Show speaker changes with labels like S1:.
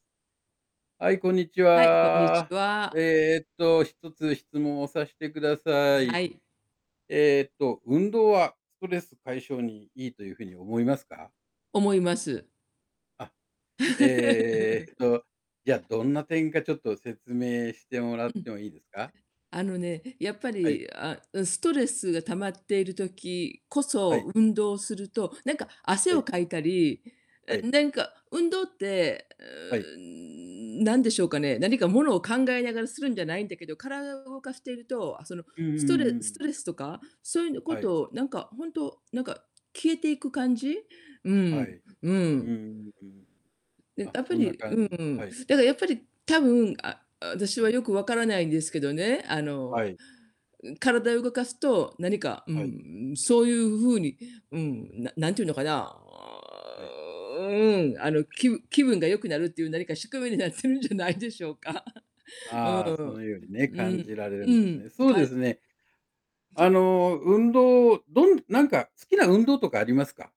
S1: はい、こんにち
S2: はい、こんにち
S1: は。
S2: は。
S1: ええっと、一つ質問をさしてくださ
S2: は
S1: い。
S2: い。
S1: えっと、運動はストレス解消にいいという風に思いますか？
S2: 思います。
S1: あ、えっ
S2: く
S1: と、じゃあ、どんな点かちょっと説明してもらっ
S2: うん。
S1: てもいいですか？
S2: あのね、やっぱ
S1: はい。
S2: り、あ、うん、ストレスが溜まっている時こ
S1: は
S2: そ
S1: い。
S2: 運動すると、なんか汗
S1: は
S2: を
S1: い。
S2: かいたり、え、
S1: はい。
S2: ねんか運動って、う
S1: はい。
S2: ーん、なんでしょうかね、何かものを考えながらするんじゃないんだけど、体を動かしていると、あ、その
S1: うんうんう
S2: ス
S1: ん
S2: トレ
S1: う
S2: ス
S1: ん。
S2: トレスとか、そういうのこ
S1: はい。
S2: とを、なんか、ほんと、なんか消えていく感じう
S1: はい。
S2: ん、
S1: う
S2: う
S1: ー
S2: ん。
S1: ん、うん。
S2: うん、
S1: あ、
S2: あっぱ
S1: そんな
S2: りう
S1: 感じ、は
S2: ん、
S1: い。
S2: だかやっぱり、多分、ああ、私
S1: は
S2: は
S1: い。
S2: よく分からないんですけどね、あの、
S1: はい。
S2: ん、体を動かすと、何か、う
S1: はい。
S2: ん、そういう風に、うん、な何て言うのかな、あ
S1: はい。
S2: あ、ううん、あの、きぶ気分が良くなるっていう何か宿命になってるんじゃないでしょうか。う
S1: ああ、
S2: ー
S1: そ
S2: ん、
S1: のようにね、
S2: うん、う
S1: 感
S2: ん、
S1: じられる
S2: う
S1: んです
S2: ん、
S1: ね。そう
S2: か
S1: で
S2: う
S1: すね。あの、運動、どんなんか好きな運動とかありますか？